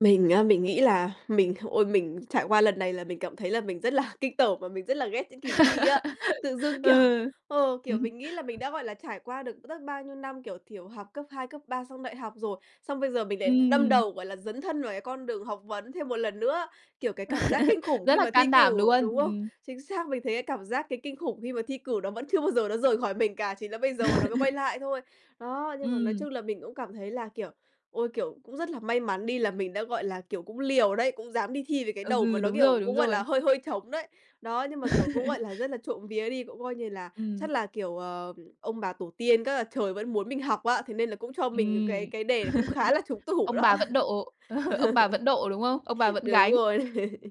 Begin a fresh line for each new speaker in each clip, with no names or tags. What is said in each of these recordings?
Mình á, mình nghĩ là mình h ôi, mình trải qua lần này là mình cảm thấy là mình rất là kinh tởm và mình rất là ghét những kỳ thi á. Tự dưng, kiểu,
Ừ.
ờ, kiểu,
Ừm.
mình nghĩ là mình đã gọi là trải qua được rất bao nhiêu năm, kiểu, thiểu học cấp 2, cấp 3, xong đại học rồi, xong bây giờ mình lại đâm
Ừm.
đầu, gọi là, dấn thân vào cái con đường học vấn thêm một lần nữa. Kiểu, cái cảm giác kinh khủng
Rất
khi
là
mà thi
can đảm
cử,
luôn.
đúng không?
Ừm.
Chính xác, mình thấy cái cảm giác, cái kinh khủng khi mà thi cử nó vẫn chưa bao giờ nó rời khỏi mình cả, chỉ là bây giờ nó mới quay lại thôi. Đó, nhưng mà nói
Ừm.
chung là mình cũng cảm thấy là, kiểu, ôi, kiểu, cũng rất là may mắn đi là mình đã, gọi là, kiểu, cũng liều đấy, cũng dám đi thi với cái đầu mà
Ừ,
nó,
đúng
kiểu,
rồi, đúng
cũng gọi là
rồi.
hơi hơi trống đấy. Đó, nhưng mà, kiểu, cũng, gọi là, rất là trộm vía đi, cũng coi như là,
Ừm.
chắc là, kiểu, ờ, ông bà tổ tiên, các, à, trời vẫn muốn mình học á. Thế nên là cũng cho mình những
Ừm.
cái cái đề nó cũng khá là trúng tủ
Ông
đó.
bà vẫn độ ông bà vẫn độ, đúng không? Ông bà vẫn
Đúng
gánh,
rồi.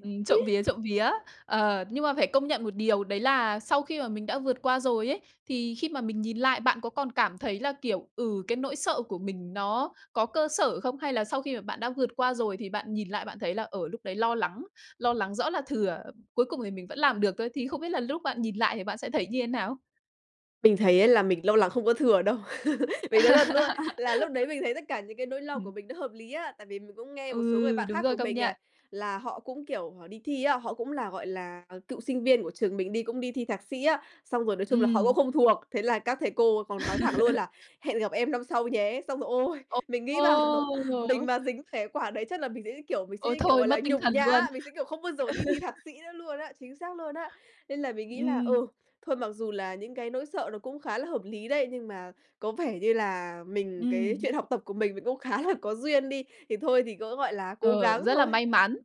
ừm, trộm vía, trộm vía. Ờ, nhưng mà phải công nhận một điều đấy là sau khi mà mình đã vượt qua rồi ấy, thì khi mà mình nhìn lại bạn có còn cảm thấy là, kiểu, ừ, cái nỗi sợ của mình nó có cơ sở không? Hay là sau khi mà bạn đã vượt qua rồi thì bạn nhìn lại bạn thấy là, ờ, lúc đấy lo lắng lo lắng rõ là thừa, cuối cùng thì mình vẫn làm được thôi. Thì không biết là lúc bạn nhìn lại thì bạn sẽ thấy như thế nào?
Mình thấy á là mình lo lắng không có thừa đâu. Mình nói thật luôn là lúc đấy mình thấy tất cả những cái nỗi lo
Ừm.
của mình nó hợp lý á. Tại vì mình cũng nghe một số người
Ừ,
bạn
đúng
khác
rồi,
của
công
mình này,
nhận.
là họ cũng kiểu họ đi thi á, họ cũng là, gọi là, ờ, cựu sinh viên của trường mình đi, cũng đi thi thạc sĩ á, xong rồi, nói chung là, họ cũng
Ừm.
không thuộc. Thế là các thầy cô còn nói thẳng luôn là hẹn gặp em năm sau nhé. Xong rồi, ôi!
Ồ,
Mình nghĩ, bảo,
ô!
mình mà dính phải quả đấy chắc là mình sẽ, như kiểu mình sẽ,
Ôi
như kiểu,
thôi,
gọi là,
mất tinh
nhục
thần luôn.
nhã, mình sẽ, kiểu, không bao giờ đi thi thạc sĩ nữa luôn á, chính xác luôn á. Nên là mình nghĩ là,
Ừm.
ừ, thôi, mặc dù là những cái nỗi sợ nó cũng khá là hợp lý đấy, nhưng mà có vẻ như là mình cái
Ừm.
chuyện học tập của mình, mình cũng khá là có duyên đi, thì thôi thì cứ, gọi là, cố
Ừ,
gắng
rất là
thôi.
may mắn.